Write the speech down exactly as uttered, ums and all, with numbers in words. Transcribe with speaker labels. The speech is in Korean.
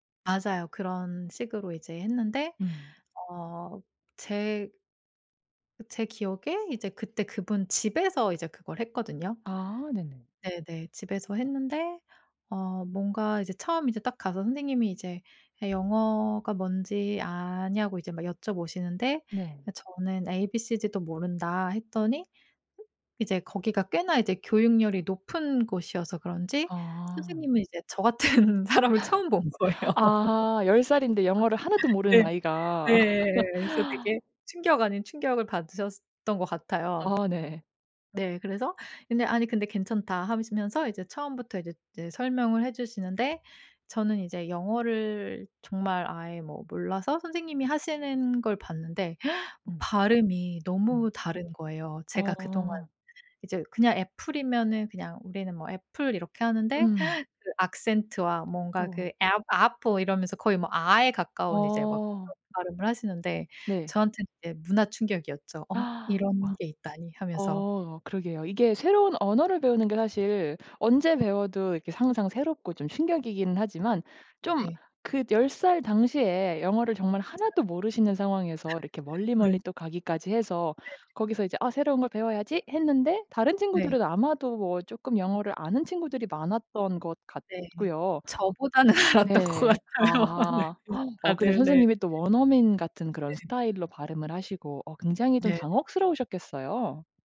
Speaker 1: 맞아요. 그런 식으로 이제 했는데
Speaker 2: 음.
Speaker 1: 어 제 제 기억에 이제 그때 그분 집에서 이제 그걸 했거든요.
Speaker 2: 아 네네.
Speaker 1: 네네. 집에서 했는데 어 뭔가 이제 처음 이제 딱 가서 선생님이 이제 "얘 영어가 뭔지 아냐?"고 이제 막 여쭤보시는데 아
Speaker 2: 네.
Speaker 1: 저는 "에이 비 시 디도 모른다." 했더니 이제 거기가 꽤나 이제 교육열이 높은 곳이어서 그런지
Speaker 2: 아.
Speaker 1: 선생님은 이제 저 같은 사람을 처음 본 거예요.
Speaker 2: 아 열 살인데 영어를 하나도 모르는
Speaker 1: 네.
Speaker 2: 아이가
Speaker 1: 네. 그래서 되게 충격 아닌 충격을 받으셨던 것 같아요.
Speaker 2: 아 네.
Speaker 1: 네. 그래서 근데 아니 근데 "괜찮다." 하시면서 이제 처음부터 이제 이제 설명을 해 주시는데 저는 이제 영어를 정말 아예 뭐 몰라서 선생님이 하시는 걸 봤는데
Speaker 2: 음.
Speaker 1: 발음이
Speaker 2: 음.
Speaker 1: 너무 다른 거예요. 제가 그동안
Speaker 2: 어.
Speaker 1: 이제 그냥 애플이면은 그냥 우리는 뭐 "애플." 이렇게 하는데
Speaker 2: 음.
Speaker 1: 그 악센트와 뭔가 그
Speaker 2: 어.
Speaker 1: "app apple." 이러면서 거의 뭐 아에 가까운 이제 막
Speaker 2: 어.
Speaker 1: 그런 발음을 하시는데
Speaker 2: 네.
Speaker 1: 저한테는 이제 문화 충격이었죠. '어? 이런
Speaker 2: 와
Speaker 1: 게 있다니.' 하면서.
Speaker 2: 어 그러게요. 이게 새로운 언어를 배우는 게 사실 언제 배워도 이렇게 항상 새롭고 좀 충격이기는 하지만 좀
Speaker 1: 네.
Speaker 2: 그 열 살 당시에 영어를 정말
Speaker 1: 잘
Speaker 2: 하나도 모르시는 상황에서 이렇게
Speaker 1: 네.
Speaker 2: 멀리멀리 또 가기까지 해서
Speaker 1: 네.
Speaker 2: 거기서 이제 '아 새로운 걸 배워야지.' 했는데 다른
Speaker 1: 네.
Speaker 2: 친구들은 아마도 뭐 쪼끔 영어를 아는 친구들이 많았던 것
Speaker 1: 네.
Speaker 2: 같고요.
Speaker 1: 저보다는 알았던 것
Speaker 2: 네.
Speaker 1: 같아요. 아 네
Speaker 2: 아
Speaker 1: 네.
Speaker 2: 어 근데
Speaker 1: 다들. 네.
Speaker 2: 선생님이 또 원어민 같은 그런
Speaker 1: 네.
Speaker 2: 스타일로 발음을 하시고 어 굉장히 좀
Speaker 1: 네네. 맞아
Speaker 2: 당혹스러우셨겠어요.